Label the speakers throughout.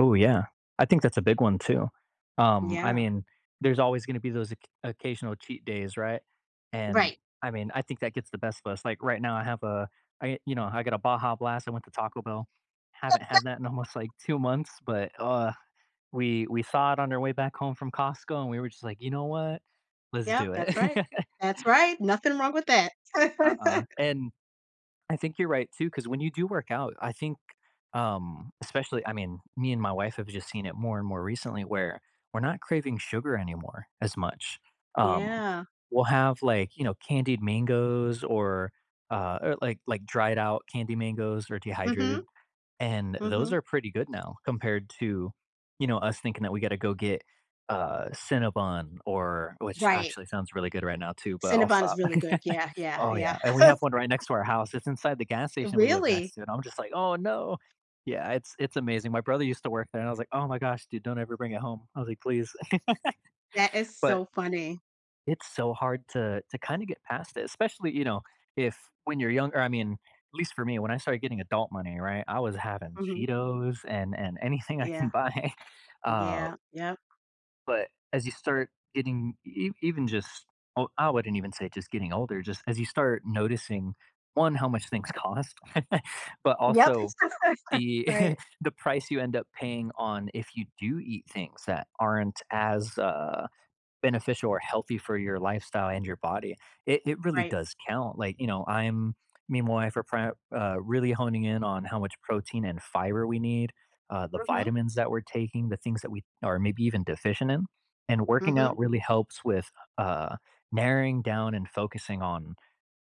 Speaker 1: Ooh yeah. I think that's a big one too, um, I
Speaker 2: Yeah.
Speaker 1: mean, there's always gonna be those occ occasional cheat days, right, and
Speaker 2: Right.
Speaker 1: I mean, I think that gets the best of us. Like, right now I have a I you know, I got a Baja Blast; I went to Taco Bell. Haven't had that in almost, like, 2 months, but ugh, we we saw it on our way back home from Costco, and we were just like, "You know what, let's
Speaker 2: Yeah,
Speaker 1: do it."
Speaker 2: that's right. That's right, nothing wrong with that.
Speaker 1: Uh-uh, and I think you're right too, cause when you do work out, I think, um, especially I mean, me and my wife have just seen it more and more recently where we're not craving sugar anymore as much, um,
Speaker 2: Yeah.
Speaker 1: we'll have like, you know, candied mangoes or, uh or like, like dried out candy mangoes or dehydrated,
Speaker 2: Mhm,
Speaker 1: and those
Speaker 2: mhm.
Speaker 1: are pretty good now compared to, you know, us thinking that we gotta go get, uh, Cinnabon, or which
Speaker 2: Right.
Speaker 1: actually sounds really good right now too, but I'll
Speaker 2: Cinnabon is
Speaker 1: stop.
Speaker 2: really good, yeah, yeah,
Speaker 1: Oh
Speaker 2: yeah.
Speaker 1: yeah, and we have one right next to our house. It's inside the gas station we live
Speaker 2: Really?
Speaker 1: next to, and I'm just like, "Oh no." Yeah, it's it's amazing. My brother used to work there and I was like, "Oh my gosh, dude, don't ever bring it home." I was like, "Please."
Speaker 2: That is
Speaker 1: But
Speaker 2: so funny.
Speaker 1: It's so hard to to kind of get past it, especially, you know, if when you're younger I mean, at least for me, when I started getting adult money, right, I was having
Speaker 2: Mhm.
Speaker 1: Cheetos and and anything I can
Speaker 2: Yeah.
Speaker 1: buy, uh
Speaker 2: Yeah, yep.
Speaker 1: but as you start getting ev even just, o I wouldn't even say just getting older, just as you start noticing, 1, how much things cost, but
Speaker 2: Yep.
Speaker 1: also the
Speaker 2: Right.
Speaker 1: the price you end up paying on if you do eat things that aren't as, uh, beneficial or healthy for your lifestyle and your body. It it really
Speaker 2: Right.
Speaker 1: does count. Like, you know, I'm me and my wife are pre uh, really homing in on how much protein and fiber we need, uh, the
Speaker 2: Mhm.
Speaker 1: vitamins that we're taking, the things that we are maybe even deficient in, and working
Speaker 2: Mhm.
Speaker 1: out really helps with, uh, narrowing down and focusing on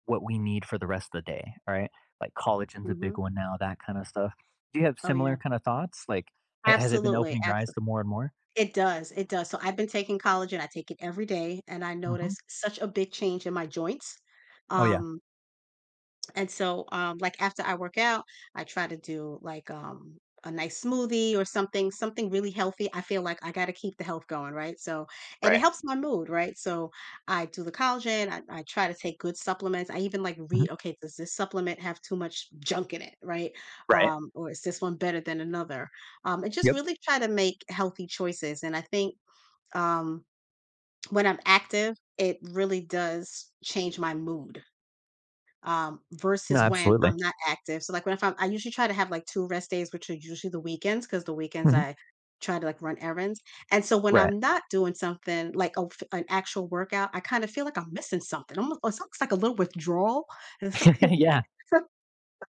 Speaker 1: what we need for the rest of the day, right? Like collagen is a big
Speaker 2: Mhm.
Speaker 1: one now, that kind of stuff. Do you have
Speaker 2: Oh
Speaker 1: similar
Speaker 2: yeah.
Speaker 1: kind of thoughts? Like, ha has it been
Speaker 2: Absolutely,
Speaker 1: opening your
Speaker 2: abso
Speaker 1: eyes to more and more?
Speaker 2: it does, it does, so, I've been taking collagen. I take it every day, and I
Speaker 1: Mhm.
Speaker 2: noticed such a big change in my joints,
Speaker 1: Oh yeah.
Speaker 2: um and so, um, like, after I work out, I try to do, like, um, a nice smoothie or something- something really healthy. I feel like I gotta keep the health going, right, so, and it
Speaker 1: Right.
Speaker 2: helps my mood, right, so, I do the collagen, I I try to take good supplements. I even, like, read,
Speaker 1: Mhm.
Speaker 2: "Okay, does this supplement have too much junk in it", right,
Speaker 1: Right.
Speaker 2: um, or, "Is this one better than another", um, and just
Speaker 1: Yep.
Speaker 2: really try to make healthy choices, and I think, um, when I'm active, it really does change my mood, um,
Speaker 1: Nah,
Speaker 2: versus when I'm
Speaker 1: absolutely.
Speaker 2: not active, so like when if I'm I usually try to have like 2 rest days, which are usually the weekends, 'cause the weekends
Speaker 1: Mhm.
Speaker 2: I try to like run errands, and so when
Speaker 1: Right.
Speaker 2: I'm not doing something, like, oh f an actual workout, I kind of feel like I'm missing something. Almo it's almost like a little withdrawal
Speaker 1: Yeah.
Speaker 2: [unintelligible]